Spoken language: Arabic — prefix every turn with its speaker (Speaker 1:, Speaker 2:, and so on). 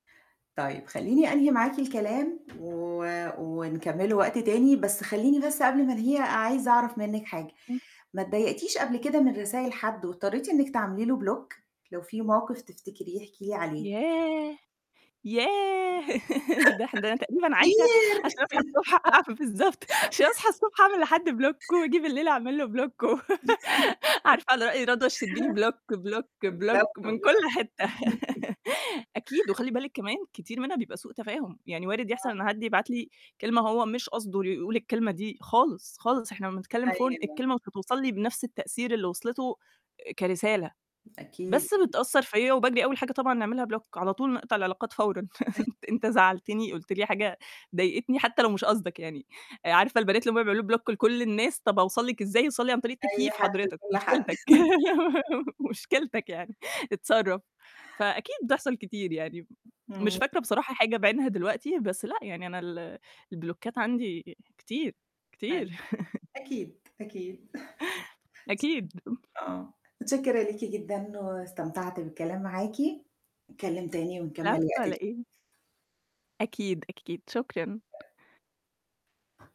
Speaker 1: طيب، خلّيني أنهي معاكِ الكلام و ونكمِّله وقت تاني، بس خلّيني بس قبل ما أنهيها عايزة أعرَف منِّك حاجة،
Speaker 2: إمم.
Speaker 1: ما اتضايقتيش قبل كده من رسايل حد واضطريتِ إنِّك تعملي له block؟ لو فيه موقف تفتكريه احكي لي عليه.
Speaker 2: ياه! ياه! ده إح ده أنا تقريبًا عايزة
Speaker 1: كتير..
Speaker 2: عشان أصحى الصبح [unintelligible] بالضبط، عشان أصحى الصبح أعمل لحد block وآجي بالليل أعمل له block
Speaker 1: [unintelligible]
Speaker 2: عارفة على رأي رضوى الشربيني block block block
Speaker 1: بالضبط،
Speaker 2: من كلّ
Speaker 1: بالضبط.
Speaker 2: حتّة، أكيد، وخلّي بالِك كمان كتير منها بيبقى سوء تفاهم، يعني وارد يحصَل
Speaker 1: آه.
Speaker 2: إن حد يبعت لي كلمة هو مش قصده يقول الكلمة دي خالص، خالص، إحنا لمّا نتكلّم Phone
Speaker 1: أيوه.
Speaker 2: الكلمة مش هتوصَل لي بنفْس التأثير اللي وِصلِته كرسالة،
Speaker 1: أكيد.
Speaker 2: بس بتأثّر فيَّ وباجري أول حاجة طبعًا نعملها block، على طول نقطَع العلاقات فورًا،
Speaker 1: [unintelligible]
Speaker 2: أن أنت زعلتني قُلت لي حاجة ضايقتني حتّى لو مش قصدك يعني، عارفة البنات اللي هُم بيعملوا block لكلّ الناس، طَب هاوصَل لِك إزاي، اوصَل لي عن طريق
Speaker 1: أي
Speaker 2: التكييف
Speaker 1: حد
Speaker 2: حضرتك،
Speaker 1: وكلّ حد.
Speaker 2: مشكلتِك مشكلتِك يعني، اتصرَّف. فأكيد بتحصَل كتير يعني، مش
Speaker 1: إمم.
Speaker 2: فاكرة بصراحة حاجة بعينها دلوقتي بس لأ يعني أنا ال البلوكات عندي كتير،
Speaker 1: أيوه.
Speaker 2: كتير.
Speaker 1: أكيد، أكيد.
Speaker 2: أكيد.
Speaker 1: آه. متشكرة ليكِ جدًا واستمتعت بالكلام معاكِ، نتكلّم تاني ونكمِّل
Speaker 2: العفو
Speaker 1: وقت
Speaker 2: على
Speaker 1: ت
Speaker 2: إيه. أكيد، أكيد، شكرًا.